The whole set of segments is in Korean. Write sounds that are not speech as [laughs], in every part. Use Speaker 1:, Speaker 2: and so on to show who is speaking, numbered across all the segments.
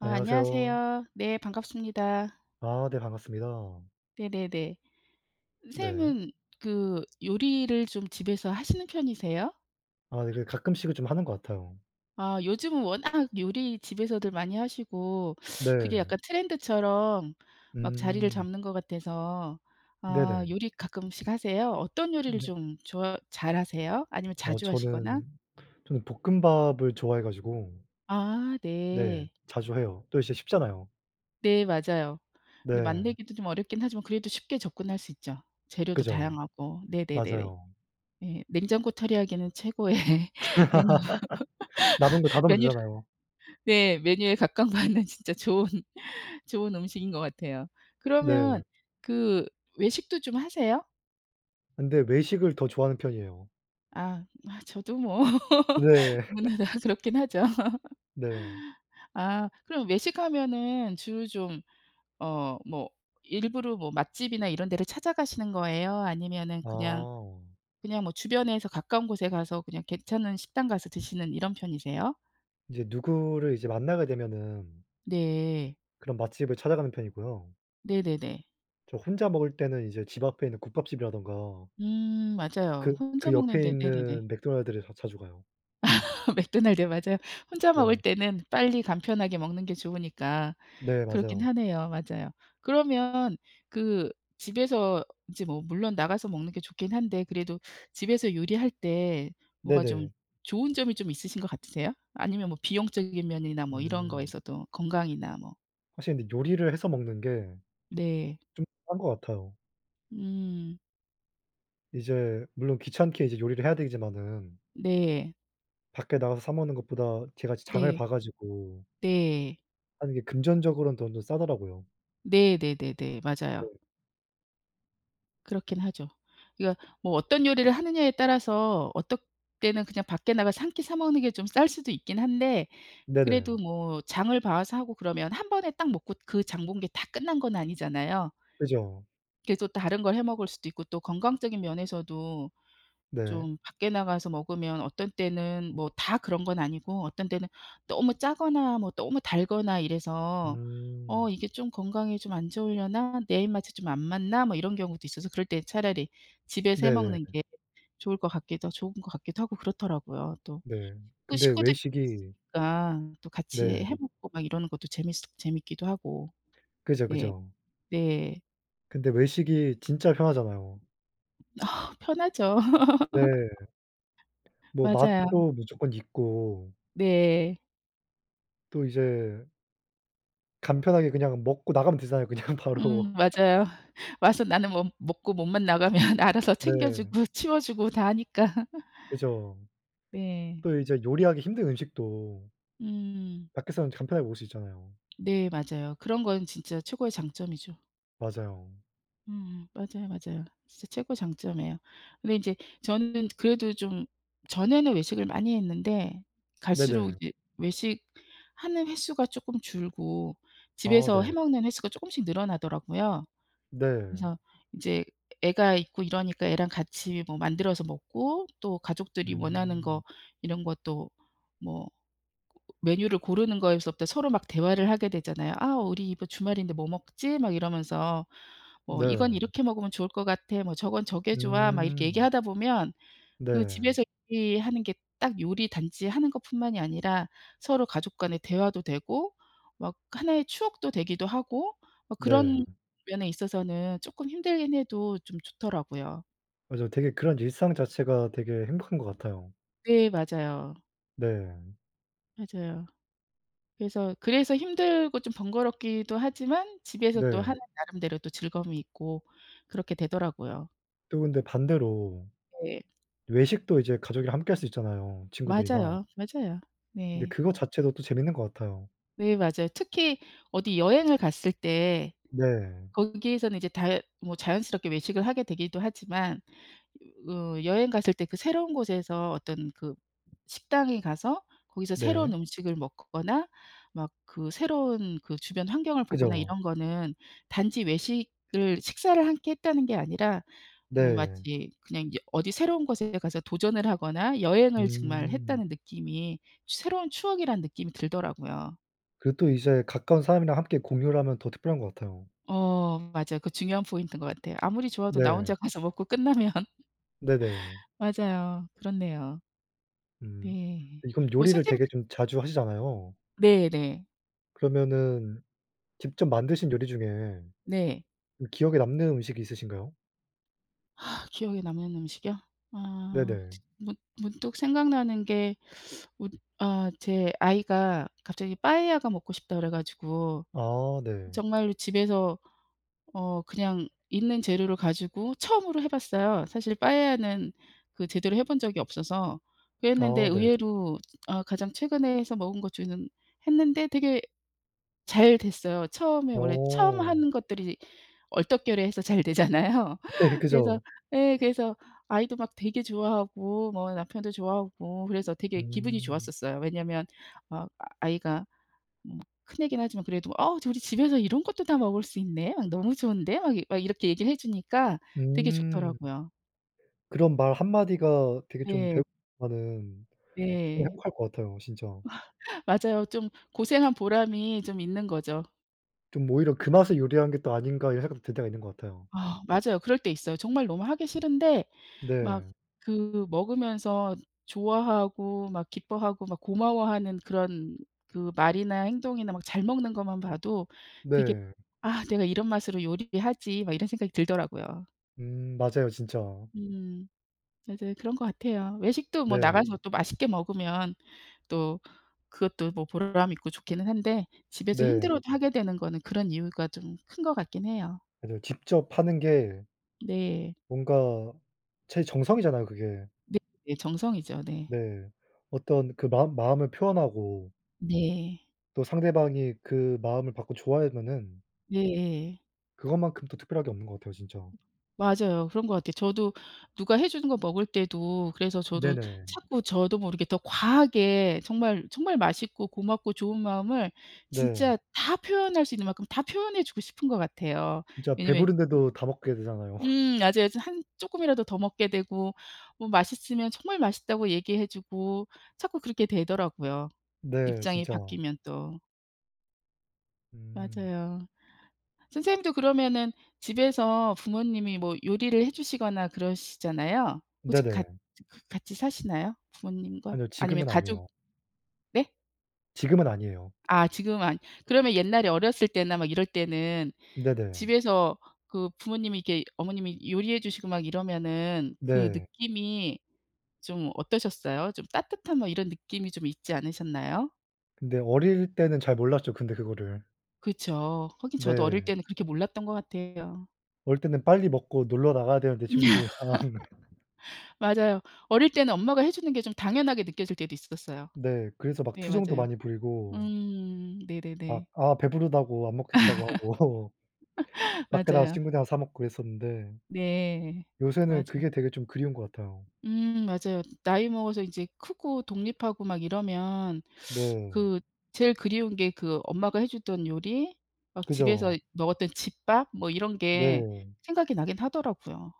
Speaker 1: 아
Speaker 2: 안녕하세요.
Speaker 1: 안녕하세요. 네, 반갑습니다.
Speaker 2: 아 네, 반갑습니다.
Speaker 1: 네네네.
Speaker 2: 네.
Speaker 1: 선생님은 그 요리를 좀 집에서 하시는 편이세요?
Speaker 2: 아, 이게 가끔씩은 좀 하는 것 같아요.
Speaker 1: 아 요즘은 워낙 요리 집에서들 많이 하시고 그게
Speaker 2: 네.
Speaker 1: 약간 트렌드처럼 막 자리를
Speaker 2: 음.
Speaker 1: 잡는 것 같아서 아,
Speaker 2: 네네.
Speaker 1: 요리 가끔씩 하세요? 어떤 요리를
Speaker 2: 네.
Speaker 1: 좀 좋아 잘하세요? 아니면
Speaker 2: 어
Speaker 1: 자주 하시거나?
Speaker 2: 저는 저는 볶음밥을 좋아해 가지고
Speaker 1: 아,
Speaker 2: 네,
Speaker 1: 네.
Speaker 2: 자주 해요. 또 이제 쉽잖아요.
Speaker 1: 네, 맞아요. 근데
Speaker 2: 네.
Speaker 1: 만들기도 좀 어렵긴 하지만 그래도 쉽게 접근할 수 있죠. 재료도
Speaker 2: 그죠.
Speaker 1: 다양하고. 네네네네.
Speaker 2: 맞아요.
Speaker 1: 네. 냉장고 털이하기에는 최고의 메뉴.
Speaker 2: [laughs] 남은 거 다
Speaker 1: [laughs]
Speaker 2: 넣으면
Speaker 1: 메뉴를
Speaker 2: 되잖아요.
Speaker 1: 네 메뉴에 각각 맞는 진짜 좋은 좋은 음식인 것 같아요. 그러면
Speaker 2: 네.
Speaker 1: 그 외식도 좀 하세요?
Speaker 2: 근데 외식을 더 좋아하는 편이에요.
Speaker 1: 아. 아 저도 뭐 [laughs]
Speaker 2: 네.
Speaker 1: 누구나
Speaker 2: [laughs]
Speaker 1: 다 그렇긴 하죠.
Speaker 2: 네.
Speaker 1: [laughs] 아, 그럼 외식하면은 주로 좀 어 뭐 일부러 뭐 맛집이나 이런 데를 찾아가시는 거예요? 아니면은 그냥,
Speaker 2: 아.
Speaker 1: 그냥 뭐 주변에서 가까운 곳에 가서 그냥 괜찮은 식당 가서 드시는 이런 편이세요?
Speaker 2: 이제 누구를 이제 만나게 되면은
Speaker 1: 네.
Speaker 2: 그런 맛집을 찾아가는 편이고요.
Speaker 1: 네네네.
Speaker 2: 저 혼자 먹을 때는 이제 집 앞에 있는 국밥집이라든가
Speaker 1: 음, 맞아요.
Speaker 2: 그
Speaker 1: 혼자
Speaker 2: 그 옆에
Speaker 1: 먹는데 네네네.
Speaker 2: 있는 맥도날드를 더 자주 가요.
Speaker 1: [laughs] 맥도날드요. 맞아요. 혼자 먹을
Speaker 2: 네.
Speaker 1: 때는 빨리 간편하게 먹는 게 좋으니까
Speaker 2: 네,
Speaker 1: 그렇긴
Speaker 2: 맞아요.
Speaker 1: 하네요. 맞아요. 그러면 그 집에서 이제 뭐 물론 나가서 먹는 게 좋긴 한데 그래도 집에서 요리할 때 뭐가 좀
Speaker 2: 네네.
Speaker 1: 좋은 점이 좀 있으신 것 같으세요? 아니면 뭐 비용적인 면이나 뭐 이런
Speaker 2: 음.
Speaker 1: 거에서도 건강이나 뭐.
Speaker 2: 확실히 근데 요리를 해서 먹는 게
Speaker 1: 네.
Speaker 2: 좀 싼 것 같아요.
Speaker 1: 음.
Speaker 2: 이제 물론 귀찮게 이제 요리를 해야 되지만은
Speaker 1: 네.
Speaker 2: 밖에 나가서 사 먹는 것보다 제가 이제 장을
Speaker 1: 네.
Speaker 2: 봐 가지고
Speaker 1: 네.
Speaker 2: 하는 게 금전적으로는 돈 좀 싸더라고요.
Speaker 1: 네 네네네, 맞아요.
Speaker 2: 네.
Speaker 1: 그렇긴 하죠. 그러니까 뭐 어떤 요리를 하느냐에 따라서 어떨 때는 그냥 밖에 나가서 1 끼 사 먹는 게 좀 쌀 수도 있긴 한데 그래도
Speaker 2: 네네.
Speaker 1: 뭐 장을 봐 와서 하고 그러면 1 번에 딱 먹고 그 장 본 게 다 끝난 건 아니잖아요.
Speaker 2: 그죠.
Speaker 1: 계속 다른 걸 해 먹을 수도 있고 또 건강적인 면에서도
Speaker 2: 네.
Speaker 1: 좀 밖에 나가서 먹으면 어떤 때는 뭐 다 그런 건 아니고 어떤 때는 너무 짜거나 뭐 너무 달거나 이래서 '어
Speaker 2: 음.
Speaker 1: 이게 좀 건강에 좀 안 좋으려나? 내 입맛에 좀 안 맞나?' 뭐 이런 경우도 있어서 그럴 때는 차라리 집에서 해
Speaker 2: 네네.
Speaker 1: 먹는 게 좋을 것 같기도 좋은 것 같기도 하고 그렇더라고요. 또.
Speaker 2: 네.
Speaker 1: 또
Speaker 2: 근데
Speaker 1: 식구들이
Speaker 2: 외식이
Speaker 1: 있으니까 또 같이해
Speaker 2: 네.
Speaker 1: 먹고 막 이러는 것도 재밌으 재밌기도 하고.
Speaker 2: 그죠,
Speaker 1: 네.
Speaker 2: 그죠.
Speaker 1: 네.
Speaker 2: 근데 외식이 진짜 편하잖아요.
Speaker 1: 편하죠.
Speaker 2: 네.
Speaker 1: [laughs]
Speaker 2: 뭐
Speaker 1: 맞아요.
Speaker 2: 맛도 무조건 있고
Speaker 1: 네.
Speaker 2: 또 이제 간편하게 그냥 먹고 나가면 되잖아요 그냥 바로.
Speaker 1: 음 맞아요. 와서 나는 뭐 먹고 몸만 나가면 알아서 챙겨
Speaker 2: 네.
Speaker 1: 주고 치워 주고 다 하니까.
Speaker 2: 그죠.
Speaker 1: [laughs] 네.
Speaker 2: 또 이제 요리하기 힘든 음식도
Speaker 1: 음.
Speaker 2: 밖에서는 간편하게 먹을 수 있잖아요.
Speaker 1: 네 맞아요. 그런 건 진짜 최고의 장점이죠.
Speaker 2: 맞아요.
Speaker 1: 음 맞아요, 맞아요. 진짜 최고의 장점이에요. 근데 인제 저는 그래도 좀 전에는 외식을 많이 했는데 갈수록
Speaker 2: 네네.
Speaker 1: 이제 외식하는 횟수가 쪼끔 줄고
Speaker 2: 아
Speaker 1: 집에서 해
Speaker 2: 네.
Speaker 1: 먹는 횟수가 쪼금씩 늘어나더라고요.
Speaker 2: 네.
Speaker 1: 그래서 인제 애가 있고 이러니까 애랑 같이 뭐 만들어서 먹고 또 가족들이 원하는
Speaker 2: 음.
Speaker 1: 거 이런 것도 뭐 메뉴를 고르는 거에서부터 서로 막 대화를 하게 되잖아요. "아 우리 이번 주말인데 뭐 먹지?" 막 이러면서 뭐 "이건
Speaker 2: 네.
Speaker 1: 이렇게 먹으면 좋을 것 같아. 뭐 저건 저게 좋아." 막 이렇게
Speaker 2: 음.
Speaker 1: 얘기하다 보면 그
Speaker 2: 네.
Speaker 1: 집에서 요리하는 게 딱 요리 단지 하는 것뿐만이 아니라 서로 가족 간의 대화도 되고 막 하나의 추억도 되기도 하고 아
Speaker 2: 네.
Speaker 1: 그런 면에 있어서는 쪼끔 힘들긴 해도 좀 좋더라고요.
Speaker 2: 맞아요. 되게 그런 일상 자체가 되게 행복한 것 같아요.
Speaker 1: 네, 맞아요.
Speaker 2: 네.
Speaker 1: 맞아요. 그래서 그래서 힘들고 좀 번거롭기도 하지만 집에서 또
Speaker 2: 네.
Speaker 1: 하는 나름대로 또 즐거움이 있고 그렇게 되더라고요.
Speaker 2: 또 근데 반대로
Speaker 1: 네.
Speaker 2: 외식도 이제 가족이랑 함께 할 수 있잖아요. 친구들이나.
Speaker 1: 맞아요, 맞아요.
Speaker 2: 근데
Speaker 1: 네.
Speaker 2: 그거 자체도 또 재밌는 것 같아요.
Speaker 1: 네, 맞아요. 특히 어디 여행을 갔을 때
Speaker 2: 네.
Speaker 1: 거기에서는 이제 다 뭐 자연스럽게 외식을 하게 되기도 하지만 어 여행 갔을 때 그 새로운 곳에서 어떤 그 식당에 가서 거기서
Speaker 2: 네.
Speaker 1: 새로운 음식을 먹거나 막 그 새로운 그 주변 환경을 보거나
Speaker 2: 그죠.
Speaker 1: 이런 거는 단지 외식을 식사를 함께 했다는 게 아니라 뭐,
Speaker 2: 네.
Speaker 1: 마치 그냥 여 어디 새로운 곳에 가서 도전을 하거나 여행을 정말
Speaker 2: 음.
Speaker 1: 했다는 느낌이 새로운 추억이라는 느낌이 들더라고요.
Speaker 2: 그리고 또 이제 가까운 사람이랑 함께 공유를 하면 더 특별한 것 같아요.
Speaker 1: 어, 맞아요. 그 중요한 포인트인 것 같아요. 아무리 좋아도 나 혼자
Speaker 2: 네.
Speaker 1: 가서 먹고 끝나면
Speaker 2: 네네.
Speaker 1: 맞아요. 그렇네요.
Speaker 2: 음.
Speaker 1: 네.
Speaker 2: 이 그럼
Speaker 1: 뭐
Speaker 2: 요리를
Speaker 1: 선생님
Speaker 2: 되게 좀 자주 하시잖아요.
Speaker 1: 네네.
Speaker 2: 그러면은 직접 만드신 요리 중에
Speaker 1: 네.
Speaker 2: 이 기억에 남는 음식이 있으신가요?
Speaker 1: 아, 기억에 남는 음식이요? 아,
Speaker 2: 네네.
Speaker 1: 문 문득 생각나는 게 어 아 제 아이가 갑자기 빠에야가 먹고 싶다 그래 가지고
Speaker 2: 아 네.
Speaker 1: 정말로 집에서 어 그냥 있는 재료를 가지고 처음으로 해 봤어요. 사실 빠에야는 그 제대로 해 본 적이 없어서 그랬는데
Speaker 2: 아 네.
Speaker 1: 의외로 아 가장 최근에 해서 먹은 것 중에는 했는데 되게 잘 됐어요. 처음에 원래 처음
Speaker 2: 어.
Speaker 1: 하는 것들이 얼떨결에 해서 잘 되잖아요.
Speaker 2: 네
Speaker 1: 그래서
Speaker 2: 그죠.
Speaker 1: 예 그래서 아이도 막 되게 좋아하고 뭐 남편도 좋아하고 그래서 되게 기분이
Speaker 2: 음.
Speaker 1: 좋았었어요. 왜냐면 어 아이가 뭐 큰 애긴 하지만 그래도 "어 우리 집에서 이런 것도 다 먹을 수 있네? 어 너무 좋은데?" 막 막 이렇게 얘기를 해 주니까 되게
Speaker 2: 음.
Speaker 1: 좋더라고요.
Speaker 2: 그런 말 한마디가 되게 좀
Speaker 1: 네.
Speaker 2: [unintelligible] 정말
Speaker 1: 네.
Speaker 2: 행복할 것 같아요, 진짜.
Speaker 1: [laughs] 맞아요. 좀 고생한 보람이 좀 있는 거죠.
Speaker 2: 좀 오히려 '그 맛에 요리하는 게 또 아닌가.' 이런 생각이 들 때가 있는 것 같아요.
Speaker 1: 아, 맞아요. 그럴 때 있어요. 정말 너무 하기 싫은데 막
Speaker 2: 네.
Speaker 1: 그 먹으면서 좋아하고 막 기뻐하고 막 고마워하는 그런 그 말이나 행동이나 막 잘 먹는 것만 봐도 되게
Speaker 2: 네.
Speaker 1: '아 내가 이런 맛으로 요리를 하지.' 막 이런 생각이 들더라고요.
Speaker 2: 음 맞아요, 진짜.
Speaker 1: 음. 맞아요. 그런 것 같아요. 외식도 뭐
Speaker 2: 네.
Speaker 1: 나가서 또 맛있게 먹으면 또 그것도 뭐 보람 있고 좋기는 한데 집에서
Speaker 2: 네.
Speaker 1: 힘들어도 하게 되는 거는 그런 이유가 좀 큰 것 같긴 해요.
Speaker 2: 그래도 직접 하는 게
Speaker 1: 네.
Speaker 2: 뭔가 제 정성이잖아요, 그게.
Speaker 1: 네, 정성이죠. 네.
Speaker 2: 네. 어떤 그 마음 마음을 표현하고
Speaker 1: 네.
Speaker 2: 또 상대방이 그 마음을 받고 좋아하면은
Speaker 1: 예예.
Speaker 2: 그것만큼 또 특별한 게 없는 것 같아요. 진짜.
Speaker 1: 맞아요. 그런 것 같아요. 저도 누가 해 주는 거 먹을 때도 그래서 저도
Speaker 2: 네네.
Speaker 1: 자꾸 저도 모르게 더 과하게 정말 정말 맛있고 고맙고 좋은 마음을 진짜
Speaker 2: 네.
Speaker 1: 다 표현할 수 있는 만큼 다 표현해 주고 싶은 것 같아요.
Speaker 2: 진짜
Speaker 1: 왜냐면
Speaker 2: 배부른데도 다 먹게 되잖아요. [laughs]
Speaker 1: 음 맞아요. 저 한 쪼끔이라도 더 먹게 되고 뭐 맛있으면 정말 맛있다고 얘기해 주고 자꾸 그렇게 되더라고요,
Speaker 2: 네,
Speaker 1: 입장이
Speaker 2: 진짜.
Speaker 1: 바뀌면 또.
Speaker 2: 음.
Speaker 1: 맞아요. 선생님도 그러면은 집에서 부모님이 뭐 요리를 해 주시거나 그러시잖아요? 혹시 같
Speaker 2: 네네.
Speaker 1: 같이 사시나요? 부모님과?
Speaker 2: 아니요.
Speaker 1: 아니면
Speaker 2: 지금은
Speaker 1: 가족
Speaker 2: 아니에요.
Speaker 1: 네?
Speaker 2: 지금은 아니에요.
Speaker 1: 아 지금 안 그러면 옛날에 어렸을 때나 막 이럴 때는
Speaker 2: 네네.
Speaker 1: 집에서 그 부모님이 이렇게 어머님이 요리해 주시고 막 이러면은 그
Speaker 2: 네.
Speaker 1: 느낌이 좀 어떠셨어요? 좀 따뜻한 뭐 이런 느낌이 좀 있지 않으셨나요?
Speaker 2: 근데 어릴 때는 잘 몰랐죠, 근데 그거를.
Speaker 1: 그쵸. 하긴 저도 어릴
Speaker 2: 네.
Speaker 1: 때는 그렇게 몰랐던 것 같아요.
Speaker 2: 어릴 때는 빨리 먹고 놀러 나가야 되는데 친구들이랑.
Speaker 1: [laughs] 맞아요. 어릴 때는 엄마가 해 주는 게 좀 당연하게 느껴질 때도 있었어요.
Speaker 2: 네 그래서 막
Speaker 1: 네
Speaker 2: 투정도
Speaker 1: 맞아요.
Speaker 2: 많이 부리고
Speaker 1: 음.
Speaker 2: 막
Speaker 1: 네네네.
Speaker 2: 아 배부르다고 안 먹겠다고 하고
Speaker 1: [laughs]
Speaker 2: 밖에 나가서
Speaker 1: 맞아요.
Speaker 2: 친구들이랑 사 먹고 그랬었는데
Speaker 1: 네,
Speaker 2: 요새는
Speaker 1: 맞아요.
Speaker 2: 그게 되게 좀 그리운 것 같아요.
Speaker 1: 음 맞아요. 나이 먹어서 이제 크고 독립하고 막 이러면
Speaker 2: 네.
Speaker 1: 그 제일 그리운 게 그 엄마가 해 주던 요리 막 집에서
Speaker 2: 그죠.
Speaker 1: 먹었던 집밥? 뭐 이런 게
Speaker 2: 네.
Speaker 1: 생각이 나긴 하더라고요.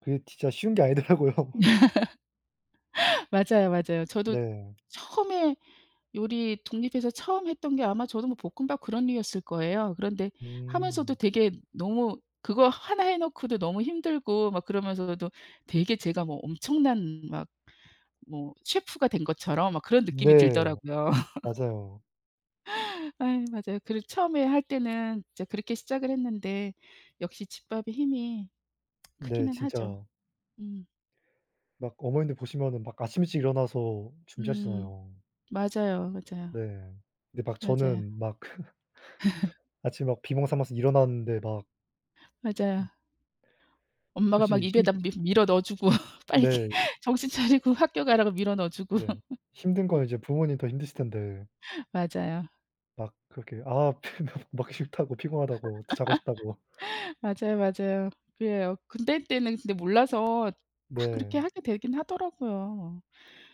Speaker 2: 그게 진짜 쉬운 게 아니더라고요.
Speaker 1: [laughs] 맞아요, 맞아요. 저도
Speaker 2: 네.
Speaker 1: 처음에 요리 독립해서 처음 했던 게 아마 저도 뭐 볶음밥 그런 류였을 거예요. 그런데 하면서도
Speaker 2: 음.
Speaker 1: 되게 너무 그거 하나 해 놓고도 너무 힘들고 막 그러면서도 되게 제가 뭐 엄청난 막 뭐 셰프가 된 것처럼 막 그런 느낌이
Speaker 2: 네,
Speaker 1: 들더라고요. [laughs]
Speaker 2: 맞아요.
Speaker 1: 아이 맞아요. 그리고 처음에 할 때는 이제 그렇게 시작을 했는데 역시 집밥의 힘이
Speaker 2: 네.
Speaker 1: 크기는 하죠.
Speaker 2: 진짜
Speaker 1: 음.
Speaker 2: 막 어머님들 보시면은 막 아침 일찍 일어나서
Speaker 1: 음,
Speaker 2: 준비하시잖아요.
Speaker 1: 맞아요, 맞아요.
Speaker 2: 네. 근데 막
Speaker 1: 맞아요.
Speaker 2: 저는 막
Speaker 1: [laughs]
Speaker 2: [laughs] 아침에 막 비몽사몽 해서 일어났는데 막 음.
Speaker 1: 맞아요. 엄마가
Speaker 2: 사실
Speaker 1: 막
Speaker 2: 이 힘드
Speaker 1: 입에다 밀 밀어 넣어 주고 [laughs] 빨리
Speaker 2: 네.
Speaker 1: 정신 차리고 학교 가라고 밀어 넣어 주고.
Speaker 2: 네. 힘든 건
Speaker 1: [laughs]
Speaker 2: 이제 부모님이 더 힘드실 텐데
Speaker 1: 맞아요.
Speaker 2: 막 그렇게 아 피면 먹기 싫다고 피곤하다고 더 자고 싶다고.
Speaker 1: [laughs] 맞아요, 맞아요. 그래요. 근데 그때는 근데 몰라서 막 그렇게
Speaker 2: 네.
Speaker 1: 하게 되긴 하더라고요.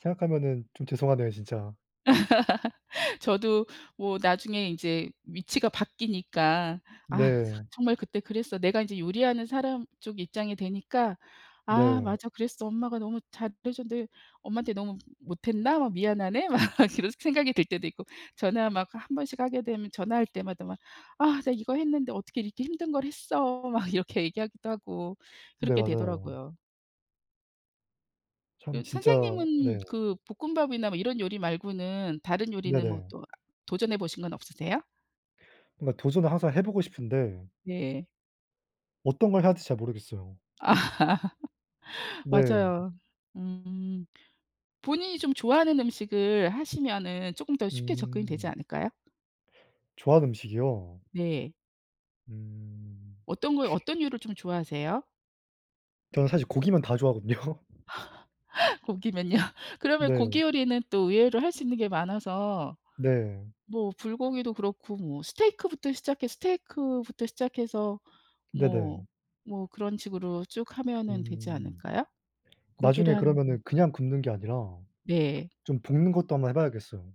Speaker 2: 생각하면은 좀 죄송하네요, 진짜.
Speaker 1: [laughs] 저도 뭐 나중에 이제 위치가 바뀌니까 '아 그거
Speaker 2: 네.
Speaker 1: 정말 그때 그랬어.' 내가 이제 요리하는 사람 쪽 입장이 되니까 '아
Speaker 2: 네.
Speaker 1: 맞아. 그랬어. 엄마가 너무 잘해 줬는데 엄마한테 너무 못했나? 막 미안하네.' 막 그런 생각이 들 때도 있고 전화 막 1 번씩 하게 되면 전화할 때마다 막 "아 나 이거 했는데 어떻게 이렇게 힘든 걸 했어." 막 이렇게 얘기하기도 하고
Speaker 2: 네,
Speaker 1: 그렇게
Speaker 2: 맞아요.
Speaker 1: 되더라고요.
Speaker 2: 참
Speaker 1: 음
Speaker 2: 진짜
Speaker 1: 선생님은
Speaker 2: 네.
Speaker 1: 그 볶음밥이나 뭐 이런 요리 말고는 다른 요리는 뭐
Speaker 2: 네네.
Speaker 1: 또 도전해 보신 건 없으세요?
Speaker 2: 뭔가 도전은 항상 해 보고 싶은데
Speaker 1: 네.
Speaker 2: 어떤 걸 해야 될지 잘 모르겠어요.
Speaker 1: 아 [laughs]
Speaker 2: 네.
Speaker 1: 맞아요. 음. 본인이 좀 좋아하는 음식을 하시면은 쪼끔 더 쉽게 접근이 되지
Speaker 2: 음.
Speaker 1: 않을까요?
Speaker 2: 좋아하는 음식이요?
Speaker 1: 네.
Speaker 2: 음.
Speaker 1: 어떤 거, 어떤 류를 좀 좋아하세요?
Speaker 2: 저는 사실 고기면 다 좋아하거든요.
Speaker 1: [laughs] 고기면요? 그러면
Speaker 2: 네.
Speaker 1: 고기 요리는 또 의외로 할 수 있는 게 많아서
Speaker 2: 네.
Speaker 1: 뭐 불고기도 그렇고 뭐 스테이크부터 시작해 스테이크부터 시작해서 뭐,
Speaker 2: 네네.
Speaker 1: 뭐 그런 식으로 쭉 하면 되지
Speaker 2: 음.
Speaker 1: 않을까요? 고기를
Speaker 2: 나중에
Speaker 1: 한
Speaker 2: 그러면은
Speaker 1: 음.
Speaker 2: 그냥 굽는 게 아니라
Speaker 1: 네.
Speaker 2: 좀 볶는 것도 한번 해 봐야겠어요.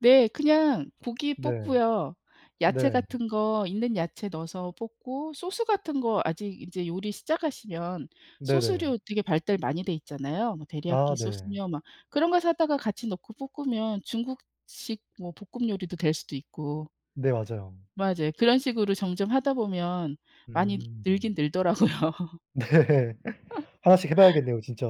Speaker 1: 네. 그냥 고기
Speaker 2: 네.
Speaker 1: 볶고요. 야채
Speaker 2: 네.
Speaker 1: 같은 거, 있는 야채 넣어서 볶고 소스 같은 거 아직 인제 요리 시작하시면
Speaker 2: 네네.
Speaker 1: 소스류 되게 발달 많이 돼 있잖아요. 뭐
Speaker 2: 아
Speaker 1: 데리야키
Speaker 2: 네.
Speaker 1: 소스며 막 그런 거 사다가 같이 넣고 볶으면 중국식 뭐 볶음 요리도 될 수도 있고.
Speaker 2: 네. 맞아요.
Speaker 1: 맞아요. 그런 식으로 점점 하다 보면 많이 늘긴
Speaker 2: 음.
Speaker 1: 늘더라고요. [laughs]
Speaker 2: 네. 하나씩 해 봐야겠네요, 진짜.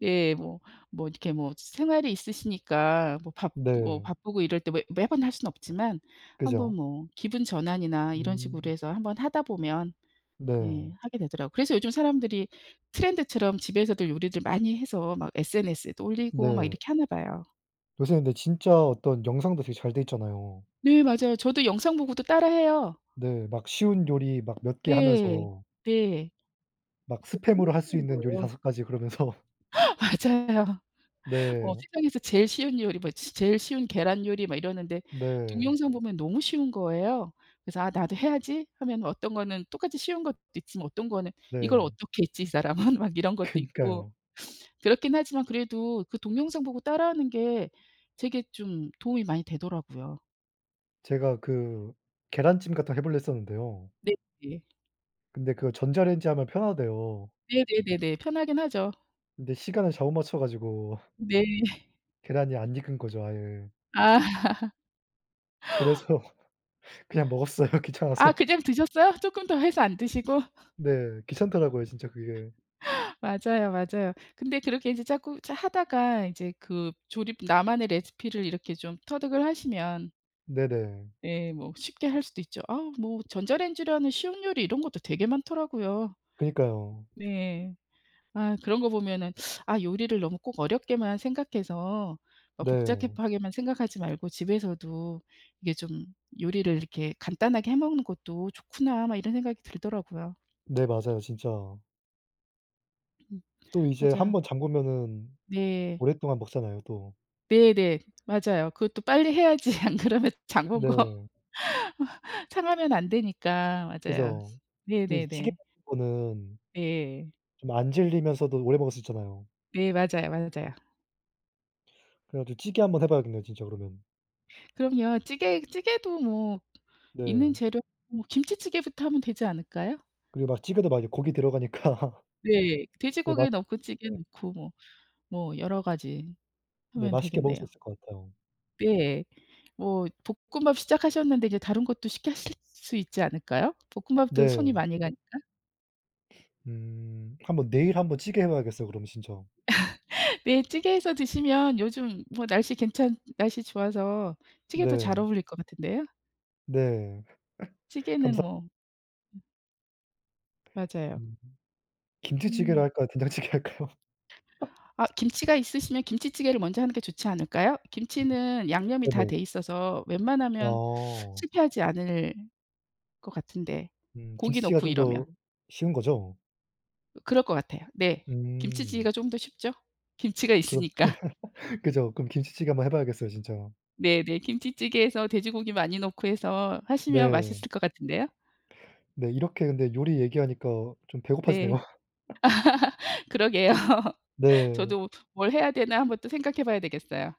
Speaker 1: 예. 뭐, 뭐 이렇게 뭐 생활이 있으시니까 뭐 바 뭐
Speaker 2: 네.
Speaker 1: 바쁘고 이럴 때 왜 매번 할 수는 없지만 한번
Speaker 2: 그죠.
Speaker 1: 뭐 기분 전환이나 이런 식으로
Speaker 2: 음
Speaker 1: 해서 한번 하다 보면
Speaker 2: 네.
Speaker 1: 예 하게 되더라고요. 그래서 요즘 사람들이 트렌드처럼 집에서도 요리들 많이 해서 막 SNS에도 올리고 막
Speaker 2: 네.
Speaker 1: 이렇게 하나 봐요.
Speaker 2: 요새 근데 진짜 어떤 영상도 되게 잘 돼 있잖아요.
Speaker 1: 네. 맞아요. 저도 영상 보고도 따라 해요.
Speaker 2: 네. 막 쉬운 요리 막 몇 개
Speaker 1: 네.
Speaker 2: 하면서
Speaker 1: 네.
Speaker 2: 막
Speaker 1: 너무
Speaker 2: 스팸으로 할 수
Speaker 1: 쉬운
Speaker 2: 있는 요리
Speaker 1: 거에요.
Speaker 2: 5 가지 그러면서.
Speaker 1: 맞아요. 어
Speaker 2: 네.
Speaker 1: 세상에서 제일 쉬운 요리, 뭐 치 제일 쉬운 계란 요리 막 이러는데
Speaker 2: 네.
Speaker 1: 동영상 보면 너무 쉬운 거예요. 그래서 '아 나도 해야지.' 하면 어떤 거는 똑같이 쉬운 것도 있지만 어떤 거는 '이걸
Speaker 2: 네.
Speaker 1: 어떻게 했지 이 사람은?' 막 이런 것도 있고.
Speaker 2: 그니까요.
Speaker 1: 그렇긴 하지만 그래도 그 동영상 보고 따라 하는 게 되게 좀 도움이 많이 되더라고요.
Speaker 2: 제가 그 계란찜 같은 거 해 보려 했었는데요.
Speaker 1: 네. 네.
Speaker 2: 근데 그거 전자레인지에 하면 편하대요.
Speaker 1: 네네네네. 편하긴 하죠.
Speaker 2: 근데 시간을 잘못 맞춰 가지고
Speaker 1: 네. [laughs]
Speaker 2: 계란이 안 익은 거죠, 아예.
Speaker 1: 아. [laughs]
Speaker 2: 그래서 그냥 먹었어요
Speaker 1: 아,
Speaker 2: 귀찮아서.
Speaker 1: 그냥 드셨어요? 쪼끔 더 해서 안 드시고? [laughs]
Speaker 2: 네. 귀찮더라고요, 진짜 그게.
Speaker 1: 맞아요, 맞아요. 근데 그렇게 이제 자꾸 자 하다가 이제 그 조립 나만의 레시피를 이렇게 좀 터득을 하시면
Speaker 2: 네네.
Speaker 1: 예 뭐 쉽게 할 수도 있죠. 아 뭐 전자레인지로 하는 쉬운 요리 이런 것도 되게 많더라고요.
Speaker 2: 그니까요.
Speaker 1: 네. 아 그런 거 보면은 '아 요리를 너무 꼭 어렵게만 생각해서 어
Speaker 2: 네.
Speaker 1: 복잡하게만 생각하지 말고 집에서도 이게 좀 요리를 이렇게 간단하게 해 먹는 것도 좋구나.' 막 이런 생각이 들더라고요.
Speaker 2: 네. 맞아요, 진짜.
Speaker 1: 음
Speaker 2: 또 이제 1
Speaker 1: 맞아요.
Speaker 2: 번 장 보면
Speaker 1: 네.
Speaker 2: 오랫동안 먹잖아요, 또.
Speaker 1: 네 네. 맞아요. 그것도 빨리 해야지 안 그러면 장 본 거
Speaker 2: 네.
Speaker 1: 상하면 안 되니까. 맞아요.
Speaker 2: 그죠.
Speaker 1: 네
Speaker 2: 또 이제
Speaker 1: 네
Speaker 2: 찌개
Speaker 1: 네.
Speaker 2: 같은 거는
Speaker 1: 예.
Speaker 2: 좀 안 질리면서도 오래 먹을 수 있잖아요.
Speaker 1: 네. 맞아요, 맞아요.
Speaker 2: 그래 가지고 찌개 한번 해 봐야겠네요 진짜 그러면.
Speaker 1: 그럼요. 찌개 찌개도 뭐 있는
Speaker 2: 네.
Speaker 1: 재료 뭐 김치찌개부터 하면 되지 않을까요?
Speaker 2: 그리고 막 찌개도 막 이제 고기 들어가니까
Speaker 1: 네.
Speaker 2: 네 맛
Speaker 1: 돼지고기 넣고 찌개
Speaker 2: 네.
Speaker 1: 넣고 뭐 뭐 여러 가지
Speaker 2: 네.
Speaker 1: 하면
Speaker 2: 맛있게 먹을
Speaker 1: 되겠네요.
Speaker 2: 수 있을 것 같아요.
Speaker 1: 예. 뭐 볶음밥 시작하셨는데 인제 다른 것도 쉽게 하실 수 있지 않을까요, 볶음밥도 손이
Speaker 2: 네.
Speaker 1: 많이 가니까?
Speaker 2: [sniffs] 음 한번 내일 한번 찌개 해 봐야겠어요 그러면 진짜.
Speaker 1: [laughs] 네. 찌개 해서 드시면 요즘 뭐 날씨 괜찮 날씨 좋아서 찌개도 잘
Speaker 2: 네.
Speaker 1: 어울릴 것 같은데요.
Speaker 2: 네. [laughs]
Speaker 1: 찌개는
Speaker 2: 감사
Speaker 1: 뭐 예. 맞아요.
Speaker 2: 음. 김치찌개로
Speaker 1: 음.
Speaker 2: 할까요 된장찌개 할까요?
Speaker 1: 아 김치가 있으시면 김치찌개를 먼저 하는 게 좋지 않을까요?
Speaker 2: 음.
Speaker 1: 김치는 양념이 다 돼
Speaker 2: 네네.
Speaker 1: 있어서 웬만하면
Speaker 2: 어.
Speaker 1: 실패하지 않을 것 같은데
Speaker 2: 음.
Speaker 1: 고기
Speaker 2: 김치찌개가
Speaker 1: 넣고
Speaker 2: 좀
Speaker 1: 이러면.
Speaker 2: 더 쉬운 거죠?
Speaker 1: 어 그럴 것 같아요. 네.
Speaker 2: 음.
Speaker 1: 김치찌개가 쪼금 더 쉽죠, 김치가
Speaker 2: 그럼
Speaker 1: 있으니까? [laughs]
Speaker 2: [laughs] 그죠. 그럼 김치찌개 한번 해 봐야겠어요 진짜.
Speaker 1: 네 네. 김치찌개 해서 돼지고기 많이 넣고 해서 하시면
Speaker 2: 네.
Speaker 1: 맛있을 것 같은데요.
Speaker 2: 네. 이렇게 근데 요리 얘기하니까 좀 배고파지네요.
Speaker 1: 네.
Speaker 2: [laughs]
Speaker 1: [laughs] 그러게요.
Speaker 2: 네.
Speaker 1: 저도 '뭘 해야 되나?' 한번 또 생각해 봐야 되겠어요.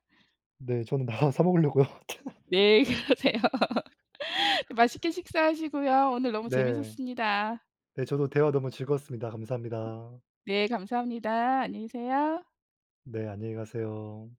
Speaker 2: 네. 저는 나가서 사 먹으려고요. [unintelligible]
Speaker 1: 네. 그러세요. [laughs] 맛있게 식사하시고요. 오늘 너무
Speaker 2: 네.
Speaker 1: 재밌었습니다.
Speaker 2: 네. 저도 대화 너무 즐거웠습니다.
Speaker 1: 음.
Speaker 2: 감사합니다.
Speaker 1: 네. 감사합니다. 안녕히 계세요.
Speaker 2: 네. 안녕히 가세요.